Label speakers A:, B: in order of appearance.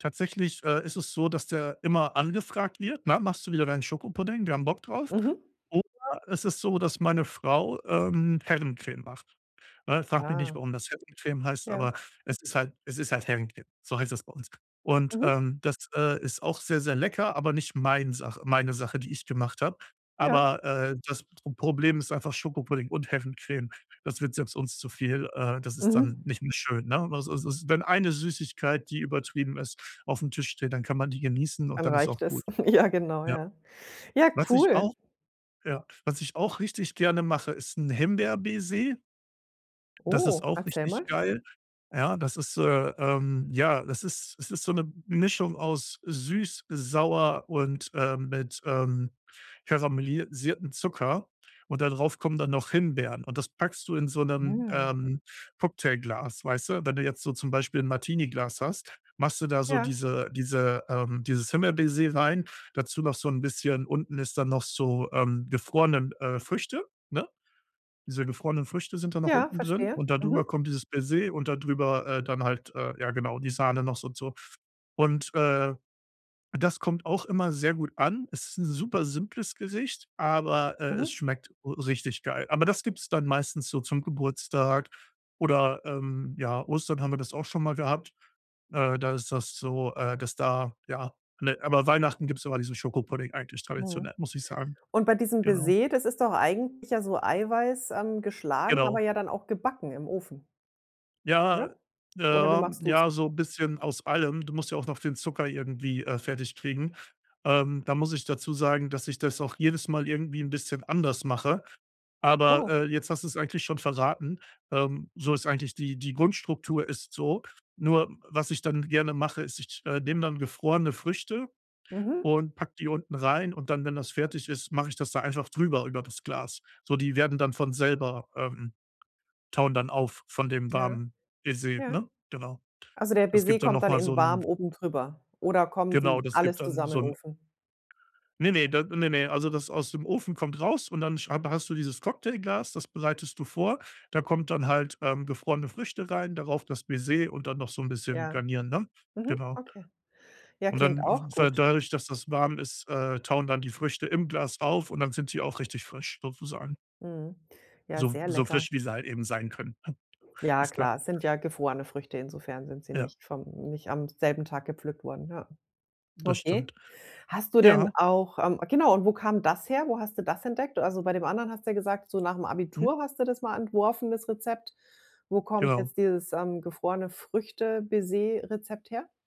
A: Tatsächlich, äh, ist es so, dass der immer angefragt wird, ne: „Machst du wieder deinen Schokopudding? Wir haben Bock drauf.“
B: Mhm.
A: Oder es ist so, dass meine Frau, ähm, Herrencreme macht, ne? Frag mich nicht,
B: Ah.
A: warum das Herrencreme heißt,
B: Ja.
A: aber es ist halt es ist halt Herrencreme, so heißt es bei uns. Und,
B: Mhm.
A: ähm, das, äh, ist auch sehr, sehr lecker, aber nicht mein Sache meine Sache, die ich gemacht habe,
B: Ja.
A: aber, äh, das Problem ist einfach Schokopudding und Herrencreme, das wird selbst uns zu viel, äh, das ist dann
B: Mhm.
A: nicht mehr schön, ne? Also, so wenn eine Süßigkeit, die übertrieben ist, auf'm Tisch steht, dann kann man die genießen und
B: Dann
A: dann ist
B: reicht
A: auch
B: es.
A: gut.
B: Ja genau,
A: Ja.
B: ja. Ja,
A: Was ich
B: cool.
A: auch ja, was ich auch richtig gerne mache, ist 'n Himbeer-Baiser. Das ist
B: Oh,
A: auch
B: erzähl mal.
A: richtig geil, ja. Das ist äh, ähm, ja, das ist es ist so 'ne Mischung aus süß, sauer und, ähm, mit, ähm, karamellisiertem Zucker und da drauf kommen dann noch Himbeeren und das packst du in so 'nem,
B: Mm.
A: ähm, Cocktailglas, weißt du? Wenn du jetzt so zum Beispiel 'n Martini-Glas hast, machst du da so
B: Ja.
A: diese diese, ähm, dieses Himbeer-Baiser rein, dazu noch so 'n bisschen unten ist dann noch so, ähm, gefrorenen, äh, Früchte, ne? Diese gefrorenen Früchte sind dann noch
B: Ja,
A: unten drin
B: verstehe.
A: und dadrüber
B: Mhm.
A: kommt dieses Baiser und dadrüber, äh, dann halt, äh, ja genau, die Sahne noch so und so. Und, äh, das kommt auch immer sehr gut an. Es ist 'n super simples Gericht, aber, äh, es
B: Mhm.
A: schmeckt r richtig geil. Aber das gibt's dann meistens so zum Geburtstag oder, ähm, ja, Ostern haben wir das auch schon mal gehabt. Äh, da ist das so, äh, dass da ja, ne, aber Weihnachten gibt's immer diesen Schokopudding eigentlich
B: Mhm.
A: traditionell, muss ich sagen,
B: Und bei diesem
A: genau.
B: Baiser, das ist doch eigentlich ja so Eiweiß, ähm, geschlagen, aber
A: Genau.
B: ja dann auch gebacken im Ofen.
A: Ja,
B: Oder?
A: äh,
B: Oder wie
A: ja,
B: machst du's?
A: ja so bisschen aus allem. Du musst ja auch noch den Zucker irgendwie, äh, fertig kriegen. Ähm, da muss ich dazu sagen, dass ich das auch jedes Mal irgendwie 'n bisschen anders mache, aber,
B: Oh.
A: äh, jetzt hast du's eigentlich schon verraten, ähm, so ist eigentlich die die Grundstruktur ist so. Nur, was ich dann gerne mache, ist, ich, äh, nehme dann gefrorene Früchte
B: Mhm.
A: und packe die unten rein und dann, wenn das fertig ist, mache ich das da einfach drüber über das Glas. So, die werden dann von selber, ähm, tauen dann auf von dem
B: Ja.
A: warmen Baiser,
B: Ja.
A: ne? Genau.
B: Also, der
A: Das
B: Baiser
A: gibt dann
B: kommt
A: noch
B: dann
A: mal
B: in
A: so
B: warm
A: 'n
B: oben drüber oder kommen
A: Genau,
B: die
A: das gibt
B: alles
A: dann
B: zusammen in
A: so
B: den
A: 'n
B: Ofen?
A: Ne, ne, da ne, ne, also das aus dem Ofen kommt raus und dann hab hast du dieses Cocktailglas, das bereitest du vor. Da kommt dann halt, ähm, gefrorene Früchte rein, darauf das Baiser und dann noch so 'n bisschen
B: Ja,
A: garnieren, ne?
B: mhm,
A: Genau.
B: okay. Ja,
A: Und
B: klingt
A: dann w
B: auch
A: weil,
B: gut.
A: dadurch, dass das warm ist, äh, tauen dann die Früchte im Glas auf und dann sind sie auch richtig frisch sozusagen.
B: Mhm. Ja,
A: So
B: sehr
A: so
B: lecker.
A: frisch, wie sie halt eben sein können, ne,
B: Ja,
A: ist klar.
B: klar es sind ja gefrorene Früchte, insofern sind sie
A: Ja.
B: nicht vom nicht am selben Tag gepflückt worden, ja.
A: Das stimmt.
B: Okay. Hast du denn
A: Ja.
B: auch ähm, genau und wo kam das her? Wo hast du das entdeckt? Also, bei dem anderen hast du ja gesagt, so nach dem
A: Mhm.
B: Abitur hast du das mal entworfen, das Rezept. Wo kommt
A: Genau.
B: jetzt dieses, ähm, gefrorene-Früchte-Baiser-Rezept her?